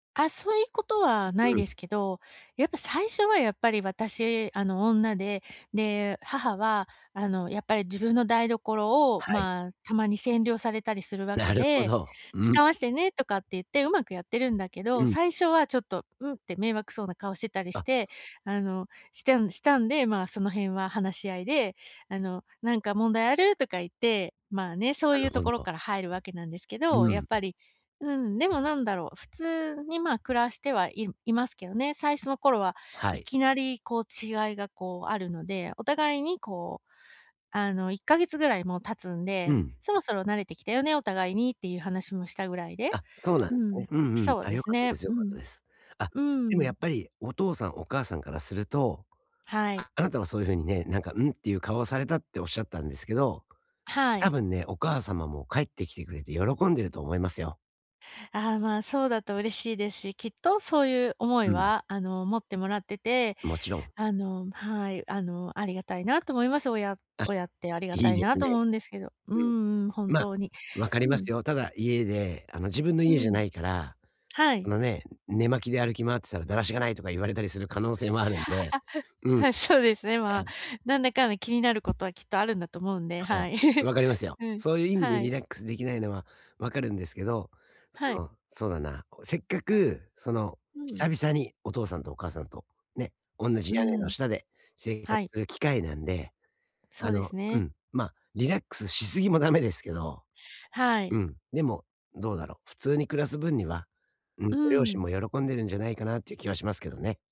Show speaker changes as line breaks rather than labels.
あ、そいことはな
うん
い
うん。
ですけど、やっぱ最初はやっぱり私あの、女で、で、母はあの、やっぱり自分の台所を
はい。
まあ、たまに占領されたりするわけ
なるほ
で
ど。うん。
「使わしてね」とかって言ってうまくやってるんだけ
う
ど、
ん。
最初はちょっと「ん」って迷惑そうな顔してたりし
あ。
て。あの、したんしたんで、ま、その辺は話し合いであの「なんか問題ある？」とか言って、まあね、そ
な
うい
る
うと
ほ
ころ
ど。
から入るわけなんですけ
う
ど、やっ
ん。
ぱり、うん、でもなんだろう、普通にまあ、暮らしては、いいますけどね。最初の頃は
は
い
い。
きなりこう、違いがこう、あるので、お互いにこう、あの、1ヶ月ぐらいもう経つん
う
で
ん。
「そろそろ慣れてきたよね、お互いに」っていう話もしたぐらいで。
あ、そうなん
う
ね。
ん、
うんうん。
そう
た、
で
良
す
かった
ね。
です、良
う
かった
ん。
です。あ、
う
でもや
ん。
っぱりお父さん、お母さんからすると、
はい。
ああなたはそういうふうにね、なんか「ん」っていう顔をされたっておっしゃったんですけど、
は
た
い。
ぶんね、お母様も帰ってきてくれて喜んでると思いますよ。
ああ、まあ、そうだと嬉しいですし、きっとそういう思い
うん。
はあの、持ってもらってて、
もちろん。
あの、はい、あの、ありがたいなと思います。親
あ、
親ってありが
いい
たい
で
な
す
と
ね。
思うんですけど。う
うん。
んうん、本
まあ、
当に。
分かりま
うん。
すよ。ただ家で、あの、自分の
う
家じゃ
ん。
ないから、
は
あ
い。
のね、寝間着で歩き回ってたら「だらしがない」とか言われたりする可能性もあるんで、うんうん。
はい、そうですね。ま
は
あ、
い。
なんだかんだ気になることはきっとあるんだと思うんで、
はい、
はい。
分かりますよ。
うん。
そういう意味で
は
リ
い。
ラックスできないのは分かるんですけど、そ
はい。
の、そうだな。こう、せっかくその、
うん。
久々にお父さんとお母さんとね、おんなじ
う
屋根の
ん。
下で生活
はい。
する機会なんで、
そ
あ
うで
の
す
う
ね。
ん、まあ、リラックスしすぎもダメですけど、
はい。
うん。でも、どうだろう。普通に暮らす分には、うん、
う
ご両親
ん。
も喜んでるんじゃないかなっていう気はしますけどね。